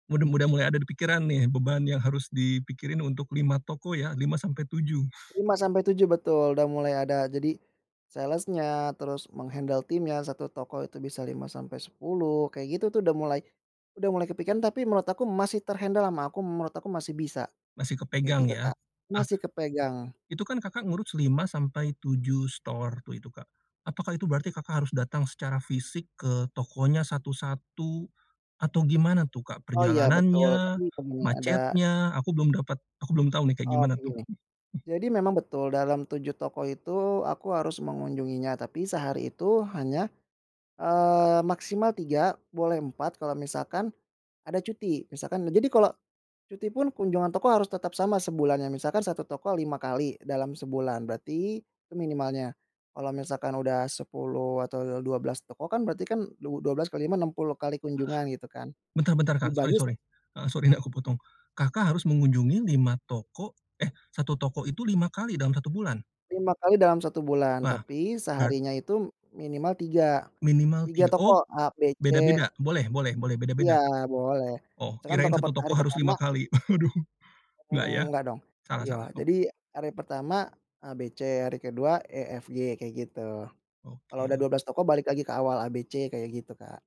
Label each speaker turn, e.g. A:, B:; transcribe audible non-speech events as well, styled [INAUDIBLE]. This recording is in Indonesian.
A: Muda muda mulai ada di pikiran nih, beban yang harus dipikirin untuk 5 toko ya? 5-7. [CHUCKLES]
B: 5-7, betul. Udah mulai ada jadi, sales-nya, terus meng-handle timnya, 1 toko itu bisa 5-10, kayak gitu tuh udah mulai udah mulai kepikiran, tapi menurut aku masih ter-handle ama aku, menurut aku masih bisa,
A: Masih
B: kayak
A: kepegang
B: gitu
A: ya?
B: Kak.
A: Ah,
B: Masih kepegang.
A: itu kan Kakak ngurus 5-7 store waktu, itu Kak. Apakah itu berarti Kakak harus datang secara fisik ke tokonya satu-satu, atau gimana tuh Kak?
B: Oh, ya, betul.
A: Perjalanannya,
B: Tadi temennya ada
A: macetnya, aku belum dapat aku belum tahu nih, kayak gimana
B: Oke,
A: tuh?
B: gini, jadi memang betul dalam 7 toko itu aku harus mengunjunginya, tapi sehari itu hanya, eee, maksimal 3, boleh 4 kalau misalkan ada cuti. Misalkan jadi kalau cuti pun kunjungan toko harus tetap sama sebulannya, misalkan satu toko 5 kali dalam sebulan, berarti itu minimalnya. Kalau misalkan udah 10 atau du dua belas toko kan berarti kan, du dua belas kali 5, 60 kali kunjungan gitu kan,
A: Bentar bentar Kak, sori
B: dibagi s
A: sori heeh, sori nih aku potong. Kakak harus mengunjungi 5 toko eh, 1 toko itu 5 kali dalam 1 bulan?
B: 5 kali dalam 1 bulan,
A: Lah,
B: tapi
A: berat
B: seharinya itu minimal 3,
A: Minimal
B: 3
A: 3
B: toko,
A: oh,
B: A, B, C.
A: beda-beda? Boleh boleh boleh,
B: Iya,
A: beda-beda?
B: boleh.
A: Oh,
B: Misalkan
A: kirain
B: toko
A: 1
B: per
A: toko
B: hari
A: harus
B: pertama
A: 5 kali. [CHUCKLES] Waduh, nggak
B: Mmm,
A: ya?
B: nggak dong.
A: Salah
B: Iya,
A: salah,
B: jadi
A: oke.
B: hari pertama A, B, C, hari ke-2 E, F, G, kayak gitu. Kalau udah
A: Oke.
B: 12 toko balik lagi ke awal A, B, C, kayak gitu Kak.